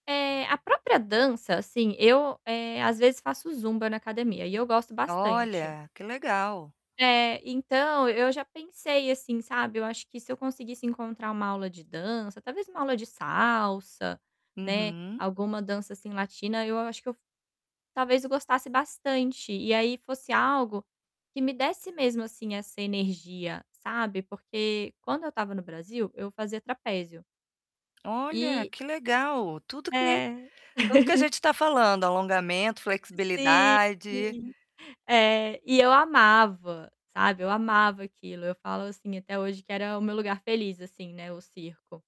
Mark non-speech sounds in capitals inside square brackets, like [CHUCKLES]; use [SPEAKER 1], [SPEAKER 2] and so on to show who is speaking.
[SPEAKER 1] É. A própria dança, assim, eu, eh, às vezes, faço zumba na academia e eu gosto bastante.
[SPEAKER 2] Olha, que legal!
[SPEAKER 1] É. Então, eu já pensei assim, sabe, eu acho que se eu conseguisse encontrar uma aula de dança, talvez uma aula de salsa, né,
[SPEAKER 2] Uhum.
[SPEAKER 1] alguma dança, assim, latina, eu a acho que eu f Talvez eu gostasse bastante e aí fosse algo que me desse mesmo, assim, essa energia, sabe, porque quando eu estava no Brasil, eu fazia trapézio.
[SPEAKER 2] Olha,
[SPEAKER 1] E
[SPEAKER 2] que legal! Tudo o que
[SPEAKER 1] É.
[SPEAKER 2] tudo o que a
[SPEAKER 1] [CHUCKLES]
[SPEAKER 2] gente tá falando, alongamento,
[SPEAKER 1] Sim,
[SPEAKER 2] flexibilidade.
[SPEAKER 1] sim. É. E eu amava, sabe, eu amava aquilo. Eu falo, assim, até hoje que era o meu lugar feliz, assim, né, o circo.